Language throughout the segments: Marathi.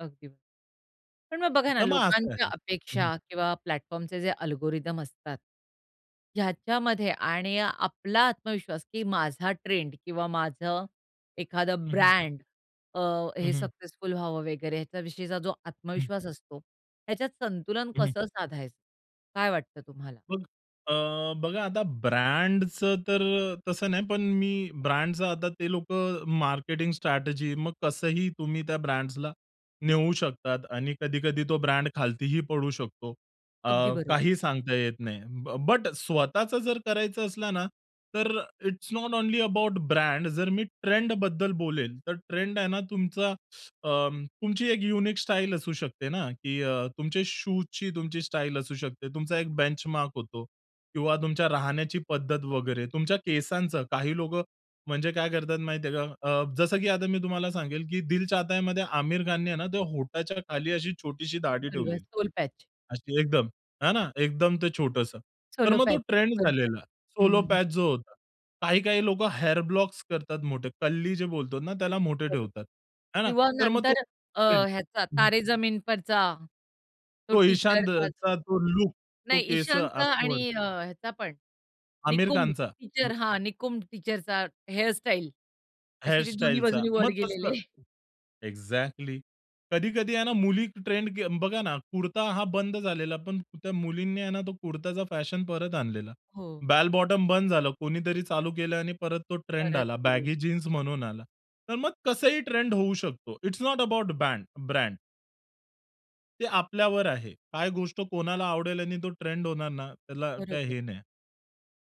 अगदी. पण मग बघा ना तर मग असं लोकांच्या आहे. हं. अपेक्षा किंवा प्लॅटफॉर्म चे जे अल्गोरिथम असतात. ह्याच्यामध्ये आणि आपला आत्मविश्वास, की माझा ट्रेंड किंवा माझं एखादं हं, हं. ब्रँड अ, हं, हे हं. सक्सेसफुल व्हावं वगैरे ह्याच्या विषयीचा जो हं. आत्मविश्वास असतो. ह्याच्यात संतुलन हं, हं. कसं साधायचं? काय वाटतं तुम्हाला? मग अ, बघा आता ब्रँडचं तर तसं नाही पण मी ब्रँडच आता ते लोकं मार्केटिंग स्ट्रॅटेजी, मग कसंही तुम्ही त्या ब्रँड्सला नेऊ शकतात. आणि कधी-कधी तो ब्रँड खालतीही पडू शकतो. अ, अगदी बरं. काही सांगता येत नाही. ब बट स्वतःच जर करायचं असलं ना, तर it's not only about brand जर मी ट्रेंड बद्दल बोलेल. तर ट्रेंड आहे ना तुमचा अ, तुमची एक युनिक स्टाईल असू शकते ना, की अ, तुमचे शूजची तुमची स्टाईल असू शकते. तुमचा एक बेंचमार्क होतो. किंवा तुमच्या राहण्याची पद्धत वगैरे तुमच्या केसांचं, काही लोकं म्हणजे काय करतात माहिती आहे का? अ, जसं की आता मी तुम्हाला सांगेल, की दिल चाहतायामध्ये आमिर खान ने ना ते होटाच्या खाली अशी छोटीशी दाढी बरोबर ठेवलेली. Soul patch. अशी एकदम, है ना एकदम ते छोटंसं. तर सोलो मग तो पॅच ट्रेंड बरोबर झालेला. हं, सोल हं. पॅच. जो होता. काही काही लोकं हेअर ब्लॉक्स करतात मोठे, कल्ली जे बोलतो ना त्याला मोठे बरोबर. ठेवतात. है ना? किंवा तर मग तो नंतर अ, ट्रेंड ह्याचा हं, हं. तारे जमीन परचा, तो तो टीचर इशांद अ, अस चा तो लूक तो नाही, केस ईशानचा असं वर. आणि अ, ह्याचा पण आमिर निकुंब खानचा टीचर लू हां, निकुंब टीचर चा हेअर स्टाईल, असे ते दोन्ही हेअरस्टाईलचा. बाजूंनी वर मग तसं गेलेले. एक्झॅक्टली. कधी-कधी आहे ना, मुली ट्रेंड के बघा ना कुर्ता हा बंद झालेला, पण त्या मुलींनी आहे ना, तो कुर्ताचा फॅशन परत आणलेला. हो. बेल बॉटम बंद झालं. कोणीतरी चालू केलं आणि परत तो ट्रेंड परत आला सुरु. बॅगी जीन्स म्हणून आला. तर मग कसंही ट्रेंड होऊ शकतो. It's not about band brand. ते आपल्यावर आहे. काय गोष्ट कोणाला आवडेल आणि तो ट्रेंड होणार ना, त्याला काय बरोबर. हे नाही.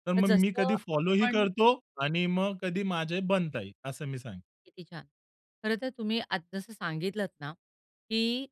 तर तर मग मी जसं कधी फॉलो ही आपण करतो आणि मग कधी माझे बनता ही असं मी सांग किती छान! खर तर तुम्ही आज जसं सांगितलत ना, की